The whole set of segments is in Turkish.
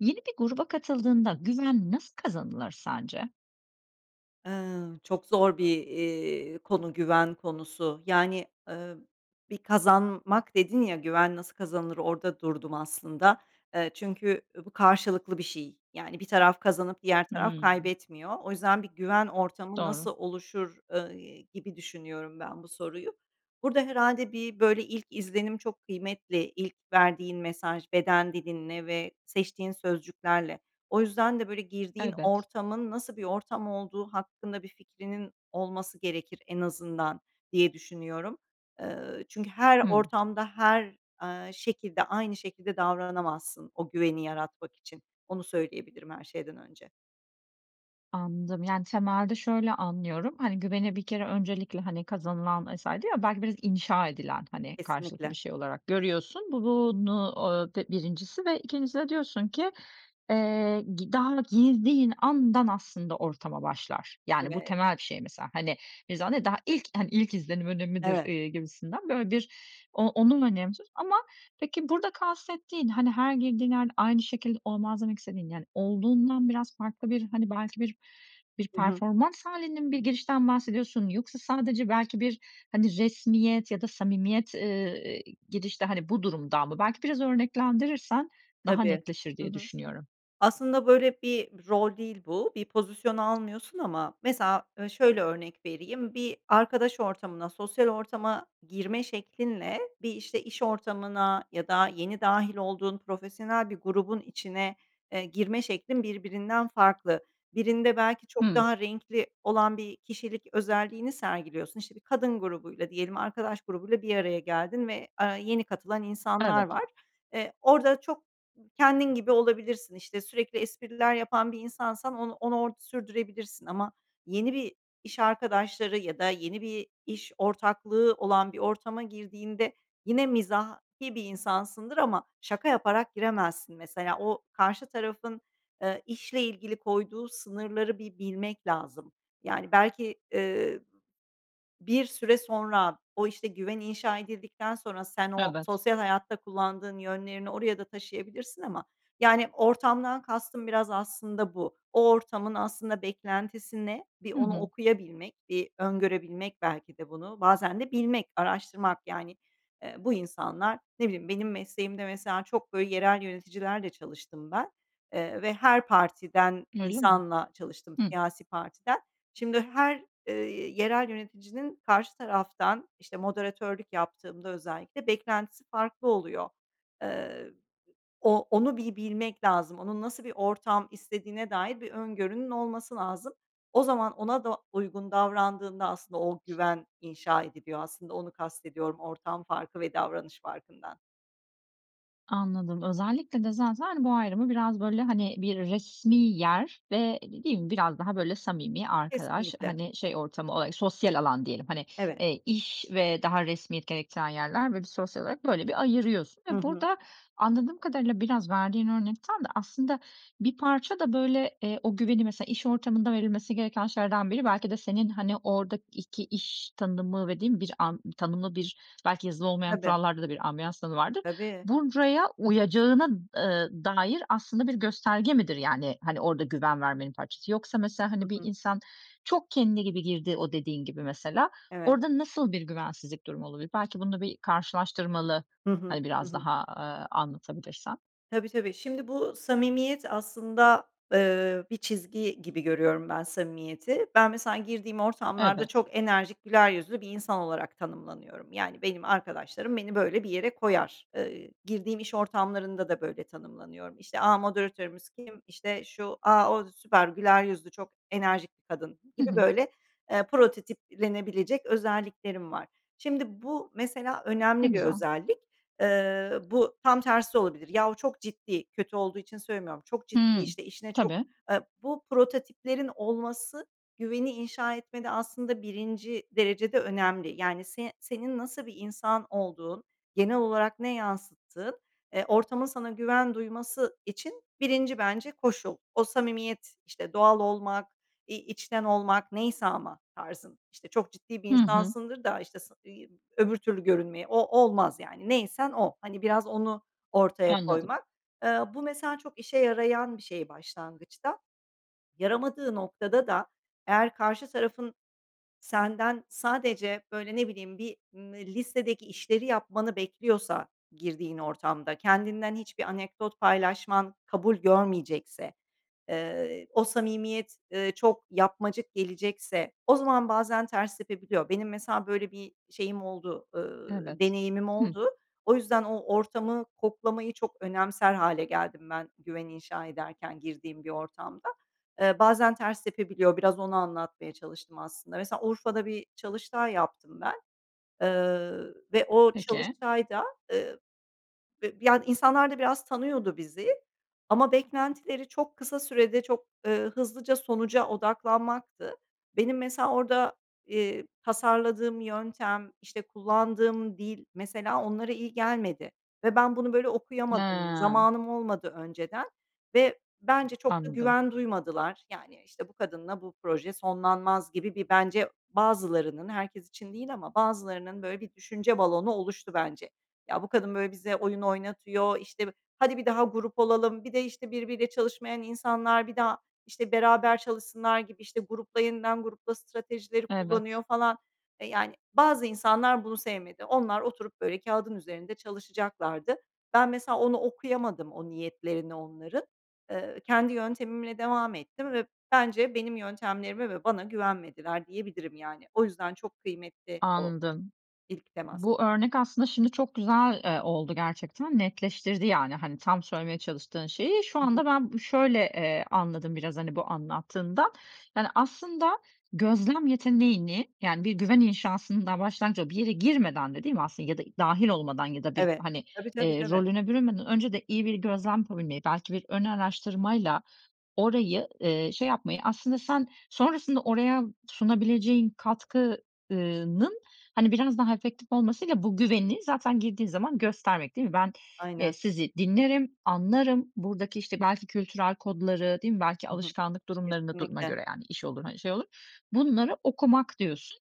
Yeni bir gruba katıldığında güven nasıl kazanılır sence? Eee, çok zor bir, iii, konu güven konusu. Yani, eee, bir kazanmak dedin ya, güven nasıl kazanılır. orada durdum aslında. Eee, çünkü, ııı, bu karşılıklı bir şey. Yani bir taraf kazanıp diğer taraf Hımm. kaybetmiyor. O yüzden "Bir güven ortamı nasıl Doğru. oluşur?", eee, gibi düşünüyorum ben bu soruyu. Burada herhâlde bir, böyle, ilk izlenim çok kıymetli, ilk verdiğin mesaj beden dilinle ve seçtiğin sözcüklerle. O yüzden de, böyle, girdiğin Evet. ortamın nasıl bir ortam olduğu hakkında bir fikrinin olması gerekir en azından diye düşünüyorum. Eee, çünkü her Hımm. ortamda her, eee, şekilde aynı şekilde davranamazsın o güveni yaratmak için, onu söyleyebilirim her şeyden önce. Anladım. Yani, temelde şöyle anlıyorum, hani, güveni bir kere öncelikle, hani, kazanılan vs. diyor ya, belki biraz inşa edilen, hani, karşılıklı Kesinlikle. bir şey olarak görüyorsun bu bunu o d 1'incisi ve 2'ncisi de diyorsun ki, eee, gi daha girdiğin andan aslında ortama başlar. Yani, bu Evet. temel bir şey mesela hani. [unintelligible] Daha ilk hani, ilk izlenim önemlidir, Evet. eee, gibisinden böyle bir o onun önemsiz ama peki, burada kastettiğin, hani, her girdiğin yerde aynı şekilde olmaz demek istediğin, yani, olduğundan biraz farklı bir` hani, belki bir bir Hı hı. performans hâlinin bir girişten mi bahsediyorsun yoksa sadece belki bir, hani, resmiyet ya da samimiyet, ııı, gidişte, hani, bu durumdan mı? Belki biraz örneklendirirsen daha Tabii. netleşir Hı diye hı. düşünüyorum. Aslında böyle bir rol değil bu. Bir pozisyon almıyorsun ama mesela ö şöyle örnek vereyim: Bir arkadaş ortamına, sosyal ortama girme şeklinle, bir işte iş ortamına ya da yeni dâhil olduğun profesyonel bir grubun içine, eee, girme şeklin birbirinden farklı. Birinde belki çok Hımm. daha renkli olan bir kişilik özelliğini sergiliyorsun. İşte, bir kadın grubuyla diyelim arkadaş grubuyla bir araya geldin ve, eee, yeni katılan insanlar Evet. var. Eee, orada çok kendin gibi olabilirsin. İşte, sürekli espriler yapan bir insansan on onu orada sürdürebilirsin ama yeni bir iş arkadaşları ya da yeni bir iş ortaklığı olan bir ortama girdiğinde yine mizahi bir insansındır ama şaka yaparak giremezsin mesela. O karşı tarafın, eee, işle ilgili koyduğu sınırları bir bilmek lazım. Yani belki, eee, bir süre sonra o, işte, güven inşa edildikten sonra sen o Evet. sosyal hayatta kullandığın yönlerini oraya da taşıyabilirsin ama, yani, ortamdan kastım biraz aslında bu. O ortamın aslında beklentisi ne? Bir Hı onu hı. okuyabilmek, bir öngörebilmek belki de bunu, bazen de bilmek, araştırmak yani. Eee, bu insanlar, ne bileyim, benim mesleğimde mesela çok, böyle, yerel yöneticilerle çalıştım ben. Eee, ve her partiden Öyle mi? insanla çalıştım, Hıı. siyasi partiden. Şimdi her, eee, yerel yöneticinin karşı taraftan, işte, moderatörlük yaptığımda özellikle beklentisi farklı oluyor. Eee, o onu bir bilmek lazım, onun nasıl bir ortam istediğine dair bir öngörünün olması lazım. O zaman ona da uygun davrandığında aslında, o güven inşa ediliyor aslında onu kastediyorum ortam farkı ve davranış farkından. Anladım. Özellikle de zaten bu ayrımı biraz, böyle, hani, bir resmî yer ve değil mi biraz daha, böyle, samimi arkadaş, Kesinlikle. hani, şey ortamı olar sosyal alan diyelim, hani, Evet. eee, iş ve daha resmiyet gerektiren yerler, böyle, bir sosyal olarak, böyle, bir ayırıyorsun Hı ve hı. burada anladığım kadarıyla biraz verdiğin örnek tam da aslında bir parça da, böyle, eee, o güveni, mesela, iş ortamında verilmesi gereken şeylerden biri, belki de senin, hani, oradaki iş tanımı dediğin bir an. Tanımlı bir belki yazılı olmayan Tabii. kurallarda da bir ambiyans tanımı vardır. Tabii. Buraya uyacağına, ııı, dair aslında bir gösterge midir? Yani, hani, orada güven vermenin parçası yoksa, mesela, Hı hani, bir hı. insan çok kendi gibi girdi o dediğin gibi, mesela, Evet. orada nasıl bir güvensizlik durumu olabilir? Belki bunu bir karşılaştırmalı, Hı hı, hani, hı biraz hı. daha, eee, anlatabilirsen. Tabii, tabii. Şimdi, bu samimiyet aslında, ııı, bir çizgi gibi görüyorum ben samimiyeti. Ben, mesela, girdiğim ortamlarda Evet. çok enerjik, güler yüzlü bir insan olarak tanımlanıyorum. Yani, benim arkadaşlarım beni, böyle, bir yere koyar. Eee, girdiğim iş ortamlarında da böyle tanımlanıyorum. İşte, a, moderatörümüz kim, işte, şu, a, o süper güler yüzlü, çok enerjik bir kadın Hı gibi, hı. böyle, eee, prototiplenebilecek özelliklerim var. Şimdi, bu mesela Ne önemli bir güzel. özellik. Eee, bu tam tersi de olabilir. Yahu, çok ciddi, kötü olduğu için söylemiyorum, çok ciddi, Hımm. işte, işine çok, Tabii. eee, bu prototiplerin olması güveni inşa etmede aslında birinci derecede önemli. Yani, se senin nasıl bir insan olduğun, genel olarak ne yansıttığın, eee, ortamın sana güven duyması için 1'inci, bence, koşul. O samimiyet, işte, doğal olmak, i içten olmak, neyse ama tarzın, işte, çok ciddi bir Hı hı. insansındır da, işte, sa i öbür türlü görünmeye o olmaz, yani, neysen o. Hani, biraz onu ortaya Anladım. koymak. Eee, bu mesela çok işe yarayan bir şey başlangıçta. Yaramadığı noktada da eğer karşı tarafın senden sadece, böyle, ne bileyim, bir ımm, listedeki işleri yapmanı bekliyorsa, girdiğin ortamda kendinden hiçbir anekdot paylaşman kabul görmeyecekse, eee, o samimiyet, ııı, çok yapmacık gelecekse, o zaman bazen ters tepebiliyor. Benim, mesela, böyle bir şeyim oldu, ııı, Evet. deneyimim Hıı. oldu. O yüzden o ortamı koklamayı çok önemser hâle geldim ben, güven inşa ederken, girdiğim bir ortamda. Eee, bazen ters tepebiliyor, biraz onu anlatmaya çalıştım, aslında. Mesela, Urfa'da bir çalıştay yaptım ben, eee, ve o Peki. çalıştayda, ııı, bı yani, insanlar da biraz tanıyordu bizi ama beklentileri çok kısa sürede çok, ııı, hızlıca sonuca odaklanmaktı. Benim, mesela, orada, eee, tasarladığım yöntem, işte, kullandığım dil, mesela, onlara iyi gelmedi ve ben bunu, böyle, okuyamadım. He. Zamanım olmadı önceden ve bence çok da Anladım. güven duymadılar. Yani, işte, bu kadınla bu proje sonlanmaz gibi bir, bence, bazılarının, herkes için değil ama bazılarının, böyle, bir düşünce balonu oluştu, bence. Ya, bu kadın, böyle, bize oyun oynatıyor, işte, bi hadi bir daha grup olalım, bir de, işte, birbiriyle çalışmayan insanlar, bir daha, işte, beraber çalışsınlar gibi, işte, grupla, yeniden grupla stratejileri Evet. kullanıyor, falan. E, yani, bazı insanlar bunu sevmedi. Onlar oturup, böyle, kâğıdın üzerinde çalışacaklardı. Ben, mesela, onu okuyamadım o niyetlerini onların. Eee, kendi yöntemimle devam ettim ve bence benim yöntemlerime ve bana güvenmediler, diyebilirim, yani. O yüzden çok kıymetli o, Anladım. ilk temas. Bu örnek aslında şimdi çok güzel, eee, oldu gerçekten. Netleştirdi, yani, hani, tam söylemeye çalıştığın şeyi. Şu Hı hı. anda ben bı şöyle, eee, anladım biraz, hani, bu anlattığından. Yani, aslında gözlem yeteneğini, yani, bir güven inşasının daha başlangıcı olup, bir yere girmeden de değil mi aslında ya da dâhil olmadan ya da bir, Evet. hani, Tabii, tabii, eee, tabii. rolüne bürünmeden önce de iyi bir gözlem yapabilmeyi, belki bir ön araştırmayla orayı, eee, şey yapmayı, aslında sen sonrasında oraya sunabileceğin katkı ııı, nın, hani, biraz daha efektif olmasıyla bu güveni zaten girdiğin zaman göstermek değil mi? Ben, eee, Aynen. sizi dinlerim, anlarım buradaki, işte, belki kültürel kodları değil mi belki Hı hı. alışkanlık durumlarında durumuna Kesinlikle. göre, yani, iş olur, hani, şey olur. Bunları okumak diyorsun.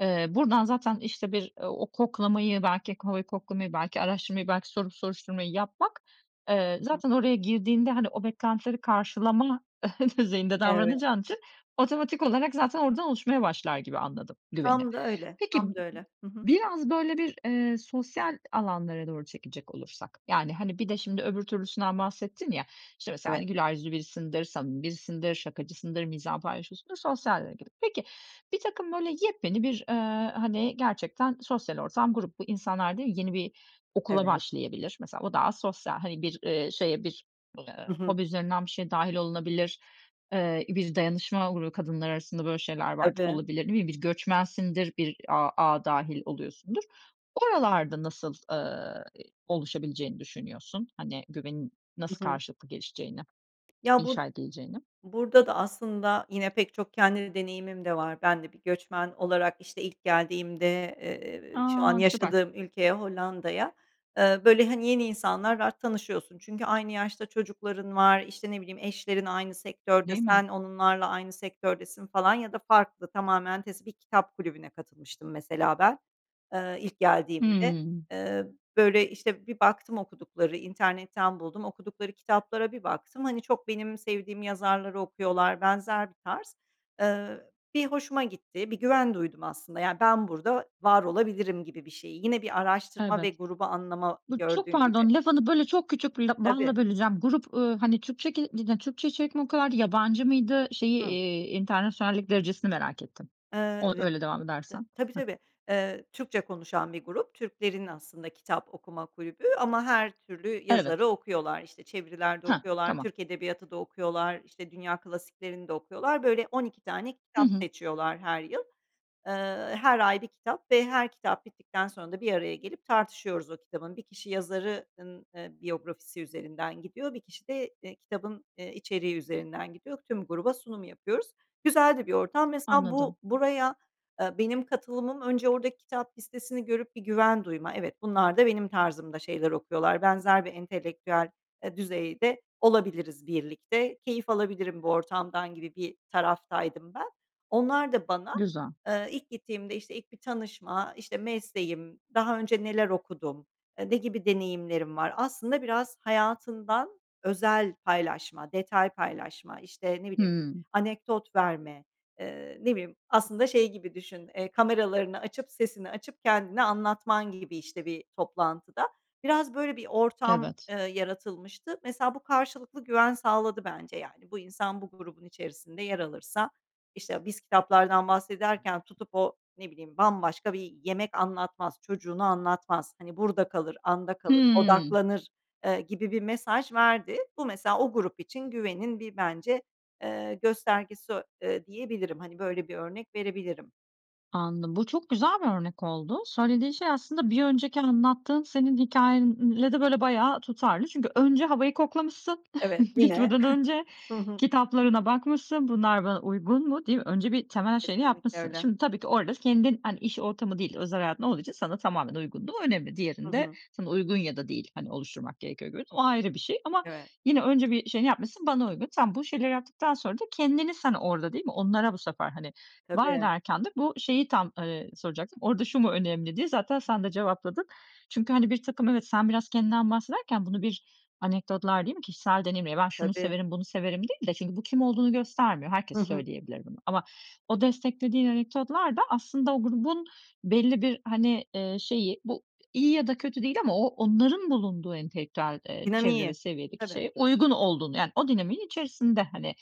Eee, buradan zaten, işte, bir o koklamayı, belki ko havayı koklamayı, belki araştırmayı, belki sorup soruşturmayı yapmak, eee, Hı hı. zaten oraya girdiğinde, hani, o beklentileri karşılama düzeyinde Evet. davranacağın için otomatik olarak zaten oradan oluşmaya başlar gibi anladım, güveni. Tam da öyle, Peki, m tam da öyle. Hı hı. biraz, böyle, bir, eee, sosyal alanlara doğru çekecek olursak, yani, hani, bir de şimdi öbür türlüsünden bahsettin ya, işte, mesela, hani, Evet. güler yüzlü birisindir, samimi birisindir, şakacısındır, mizahı paylaşıyorsundur, sosyalliğe gidip. Peki, birtakım, böyle, yepyeni bir, ııı, hani, gerçekten sosyal ortam grup bu. İnsanlar değil mi? Yeni bir okula Evet. başlayabilir. Mesela, o daha sosyal, hani, bir, eee, şeye bir, eee, Hı hı. hobi üzerinden bir şey dâhil olunabilir. Eee, bir dayanışma grubu kadınlar arasında, böyle, şeyler vardır, Tabii. olabilir değil mi? Bir göçmensindir, bir a ağa dâhil oluyorsundur. Oralarda nasıl, ııı, i oluşabileceğini düşünüyorsun, hani, güvenin Hı nasıl hı. karşılıklı gelişeceğini, Ya, bu inşa edileceğini? burada da aslında yine pek çok kendi deneyimim de var. Ben de bir göçmen olarak, işte, ilk geldiğimde, eee, şu an A, süper. yaşadığım ülkeye, Hollanda'ya, ııı, böyle, hani, yeni insanlar var, tanışıyorsun. Çünkü aynı yaşta çocukların var, işte, ne bileyim, eşlerin aynı sektörde, Değil mi? sen onlarla aynı sektördesin, falan, ya da farklı tamamen tes bir kitap kulübüne katılmıştım mesela ben, eee, ilk geldiğimde. Hımm. Imm, böyle, işte, bir baktım, okudukları, internetten buldum, okudukları kitaplara bir baktım, hani, çok benim sevdiğim yazarları okuyorlar, benzer bir tarz. Iıı, bir hoşuma gitti, bir güven duydum aslında, yani, ben burada var olabilirim gibi bir şeyi, yine bir araştırma ve Evet. grubu anlama, Bu çok gördüğün gibi. pardon, lafını, böyle, çok küçük bir lap Tabii. balla böleceğim. Grup, ııı, hani, Türkçe ke yine Türkçe içerik mi o kadardı, yabancı mıydı? Şeyi, Hıı. iii, enternasyonallik derecesini merak ettim. O, Eee, öyle devam [unintelligible] t edersen. tabii, Hıh. tabii. Eee, Türkçe konuşan bir grup, Türklerin aslında kitap okuma kulübü ama her türlü Evet. yazarı okuyorlar, işte, çeviriler de Hah, okuyorlar, tamam. Türk edebiyatı da okuyorlar, işte, dünya klasiklerini de okuyorlar. Böyle, 12 tane Hı kitap hı. seçiyorlar her yıl. Eee, her ay 1 kitap ve her kitap bittikten sonra da bir araya gelip tartışıyoruz o kitabın. 1 kişi yazarı ııı, eee, biyografisi üzerinden gidiyor, 1 kişi de, eee, kitabın, eee, içeriği üzerinden gidiyor. Tüm gruba sunum yapıyoruz. Güzel de bir ortam. Mesela, Anladım. bu buraya, eee, benim katılımım önce oradaki kitap listesini görüp bir güven duyma. Evet, bunlar da benim tarzımda şeyler okuyorlar. Benzer bir entelektüel, eee, düzeyde olabiliriz birlikte, keyif alabilirim bu ortamdan gibi bir taraftaydım ben. Onlar da bana, Güzel. eee, ilk gittiğimde, işte, ilk bir tanışma, işte, mesleğim, daha önce neler okudum, e, ne gibi deneyimlerim var, aslında biraz hayatından özel paylaşma, detay paylaşma, işte, ne bileyim, Hımm. anekdot verme, eee, ne bileyim, aslında şey gibi düşün, eee, kameralarını açıp, sesini açıp kendini anlatman gibi, işte, bir toplantıda. Biraz böyle bir ortam, Evet. ııı, yaratılmıştı. Mesela, bu karşılıklı güven sağladı, bence, yani. Bu insan bu grubun içerisinde yer alırsa, işte, biz kitaplardan bahsederken tutup o, ne bileyim, bambaşka bir yemek anlatmaz, çocuğunu anlatmaz, hani, burada kalır, anda kalır, Hımm. odaklanır, eee, gibi bir mesaj verdi. Bu mesela o grup için güvenin bir, bence, eee, göstergesi, eee, diyebilirim, hani, böyle bir örnek verebilirim. Anladım. Bu çok güzel bir örnek oldu. Söylediğin şey aslında bir önceki anlattığın senin hikâyenle de böyle bayağı tutarlı. Çünkü önce havayı koklamışsın Evet, yine. gitmeden önce. Hı hı. Kitaplarına bakmışsın. "Bunlar bana uygun mu?" diye. Önce bir temel şeyini Kesinlikle yapmışsın. öyle. Şimdi tabii ki orada kendin, hani, iş ortamı değil, özel hayatın olduğu için sana tamamen uygunluğu önemli. Hı Diğerinde hı. sana uygun ya da değil, hani, oluşturmak gerekiyor görün O ayrı bir şey ama Evet. yine önce bir şey yapmışsın, bana uygun. Sen bu şeyleri yaptıktan sonra da kendini sen orada değil mi? Onlara bu sefer, hani, var Tabii. ederken de bu şeyi tam, eee, soracaktım. Orada "Şu mu önemli?", diye zaten sen de cevapladın. Çünkü, hani, birtakım, evet, sen biraz kendinden bahsederken bunu bir anekdotlar değil mi? Kişisel deneyimle ben şunu Tabii. severim, bunu severim değil de çünkü bu kim olduğunu göstermiyor, Hı herkes hı. söyleyebilir bunu ama o desteklediğin anekdotlar da aslında o grubun belli bir, hani, eee, şeyi bu iyi ya da kötü değil ama o onların bulunduğu entelektüel, eee, çevre Dinamiği. ve seviyedeki Tabii. şeye uygun olduğunu yani o dinamiğin içerisinde, hani,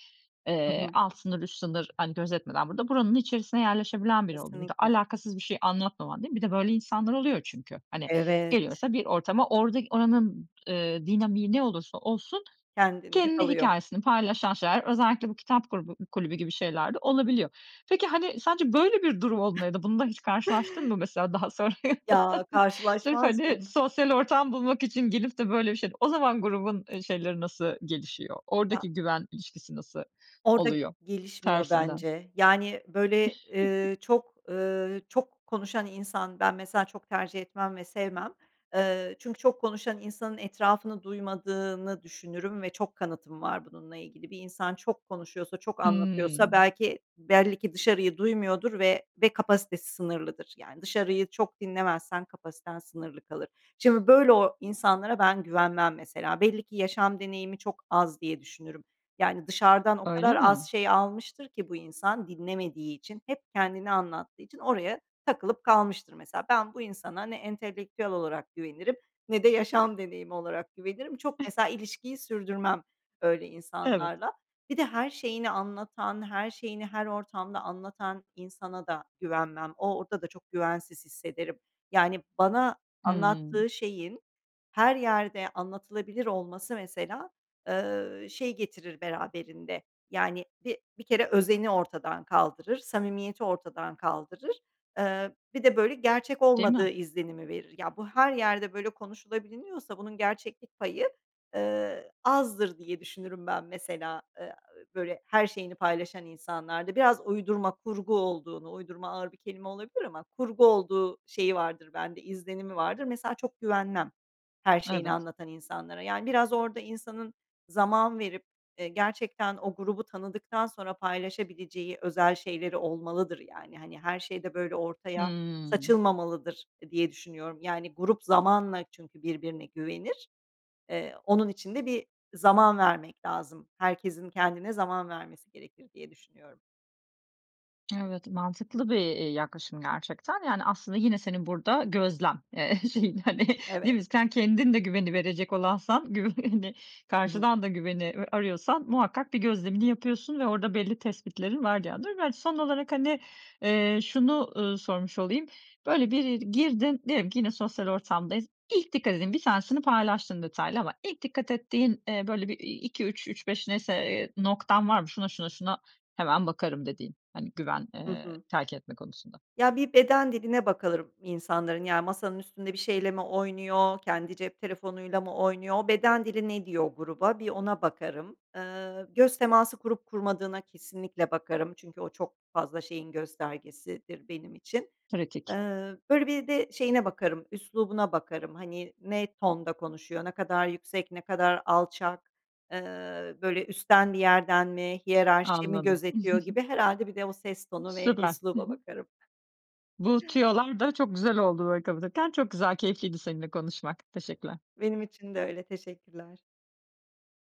Hı eee, hı. alt sınır, üst sınır, hani, gözetmeden burada buranın içerisine yerleşebilen biri oluyor. Bir de Kesinlikle. alakasız bir şey anlatmaman değil mi? Bir de böyle insanlar oluyor çünkü hani Evet. geliyorsa bir ortama orada oranın, eee, dinamiği ne olursa olsun Kendinde kendi kalıyor. hikâyesini paylaşan şeyler özellikle bu kitap grubu kulübü gibi şeyler de olabiliyor. Peki, hani, sence böyle bir durum olduğunda ya da bununla hiç karşılaştın mı mesela daha sonra? Ya, Sırf, karşılaşmaz hani, mıyım? sosyal ortam bulmak için gelip de böyle bir şey. O zaman grubun şeyleri nasıl gelişiyor? Ya. Oradaki güven ilişkisi nasıl Orada oluyor gelişmiyor tersinden? bence, yani, böyle, eee, çok, ııı, çok konuşan insan ben mesela çok tercih etmem ve sevmem. Iıı, çünkü çok konuşan insanın etrafını duymadığını düşünürüm ve çok kanıtım var bununla ilgili. Bir insan çok konuşuyorsa, çok Hıı. anlatıyorsa belki belli ki dışarıyı duymuyordur ve kapasitesi sınırlıdır. Yani dışarıyı çok dinlemezsen kapasiten sınırlı kalır. Şimdi böyle o insanlara ben güvenmem mesela. Belli ki yaşam deneyimi çok az diye düşünürüm. Yani dışarıdan o Öyle kadar az mi? şey almıştır ki bu insan dinlemediği için, hep kendini anlattığı için oraya takılıp kalmıştır mesela. Ben bu insana ne entelektüel olarak güvenirim ne de yaşam deneyimi olarak güvenirim. Çok mesela ilişkiyi sürdürmem öyle Evet. insanlarla. Bir de her şeyini anlatan, her şeyini her ortamda anlatan insana da güvenmem. O orada da çok güvensiz hissederim. Yani bana Hıı. anlattığı şeyin her yerde anlatılabilir olması mesela, eee, şey getirir beraberinde. Yani bi bir kere özeni ortadan kaldırır, samimiyeti ortadan kaldırır, eee, bir de böyle gerçek Değil olmadığı mi? izlenimi verir. Ya bu her yerde böyle konuşulabiliniyorsa bunun gerçeklik payı, eee, azdır diye düşünürüm ben mesela, eee, böyle her şeyini paylaşan insanlarda. Biraz uydurma, kurgu olduğunu, uydurma ağır bir kelime olabilir ama kurgu olduğu şeyi vardır bende izlenimi vardır. Mesela çok güvenmem her şeyini Evet. anlatan insanlara yani biraz orada insanın zaman verip, eee, gerçekten o grubu tanıdıktan sonra paylaşabileceği özel şeyleri olmalıdır, yani, hani, her şeyde böyle ortaya Hıı. saçılmamalıdır, eee, diye düşünüyorum. Yani, grup zamanla çünkü birbirine güvenir. Eee, onun için de bir zaman vermek lazım, herkesin kendine zaman vermesi gerekir diye düşünüyorum. Evet, mantıklı bir, iii, yaklaşım gerçekten yani aslında yine senin burada gözlem, eee şeyin, hani, değil Evet. mi? Sen kendin de güveni verecek olansan güv hani Hı hı. karşıdan da güveni, ııı, arıyorsan muhakkak bir gözlemini yapıyorsun ve orada belli tespitlerin var bir yandan. Ben son olarak hani, eee, şunu, ııı, sormuş olayım, böyle bir yeri girdin, diyelim ki yine sosyal ortamdayız. İlk dikkat ettiğin, bir tanesini paylaştın detaylı ama ilk dikkat ettiğin, eee, böyle, iii, 2-3, 3-5 neyse, eee, noktan var mı? Şuna şuna şuna hemen bakarım dediğin, hani güven, Hı ııı, hı. terk etme konusunda. Ya bir beden diline bakarım insanların, yani, masanın üstünde bir şeyle mi oynuyor, kendi cep telefonuyla mı oynuyor, o beden dili ne diyor o gruba bir ona bakarım. Iıı, göz teması kurup kurmadığına kesinlikle bakarım çünkü o çok fazla şeyin göstergesidir benim için. Eee, Pratik. böyle bir de şeyine bakarım: üslubuna bakarım, hani ne tonda konuşuyor, ne kadar yüksek ne kadar alçak, eee, böyle üstten bir yerden mi, hiyerarşiyi mi Anladım. gözetiyor gibi. Herhâlde bir de o ses tonu ve Süper, hı üsluba hı. bakarım. Bu tüyolar da çok güzel oldu böyle kapatırken, çok güzel keyifliydi seninle konuşmak, teşekkürler. Benim için de öyle teşekkürler.